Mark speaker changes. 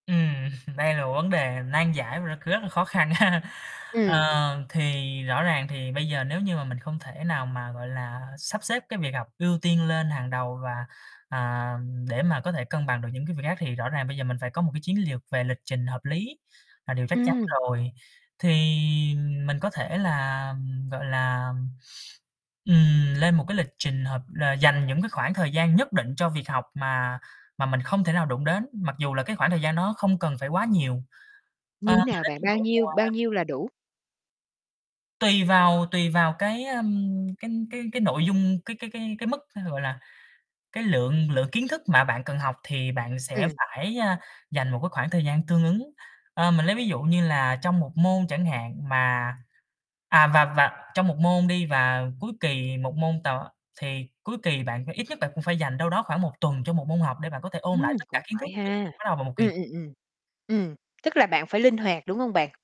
Speaker 1: Ừm, đây là một vấn đề nan giải mà nó c rất là khó khăn ha.
Speaker 2: Ừm.
Speaker 1: Ờ, thì rõ ràng thì bây giờ nếu như mà mình không thể nào mà, gọi là, sắp xếp cái việc học ưu tiên lên hàng đầu và, à, ừm, để mà có thể cân bằng được những cái việc khác thì rõ ràng bây giờ mình phải có một cái chiến liều về lịch trình hợp lý là điều chắc chắn
Speaker 2: Ừm.
Speaker 1: rồi. Thì mình có thể làm, gọi là, ừm, lên một cái lịch trình hợp là dành những cái khoảng thời gian nhất định cho việc học mà mà mình không thể nào đụng đến, mặc dù là cái khoảng thời gian nó không cần phải quá nhiều. A, mình
Speaker 2: Như
Speaker 1: mà
Speaker 2: nào
Speaker 1: lấy
Speaker 2: bạn?
Speaker 1: ví dụ,
Speaker 2: Bao nhiêu, bao
Speaker 1: à
Speaker 2: nhiêu là đủ?
Speaker 1: Tùy vào tùy vào cái, ờm, cái cái cái nội dung cái cái cái cái mức, thế rồi là cái lượng lượng kiến thức mà bạn cần học thì bạn sẽ
Speaker 2: Ừm.
Speaker 1: phải, a, dành một cái khoảng thời gian tương ứng. Ơ, mình lấy ví dụ như là trong 1 môn chẳng hạn mà à, và và trong 1 môn đi và cuối kỳ 1 môn [unintelligible] á, thì cuối kỳ bạn phả i ít nhất bạn cũng phải dành đâu đó khoảng 1 tuần cho 1 môn học để bạn có thể ôn lại
Speaker 2: Ừm,
Speaker 1: tất cả
Speaker 2: cũng
Speaker 1: kiến thức
Speaker 2: phải
Speaker 1: trước
Speaker 2: ha.
Speaker 1: [unintelligible] bắt đầu vào một
Speaker 2: Ừm,
Speaker 1: kỳ
Speaker 2: ừm, ừm. Ừm, tức là bạn phải linh hoạt, đúng hông bạn?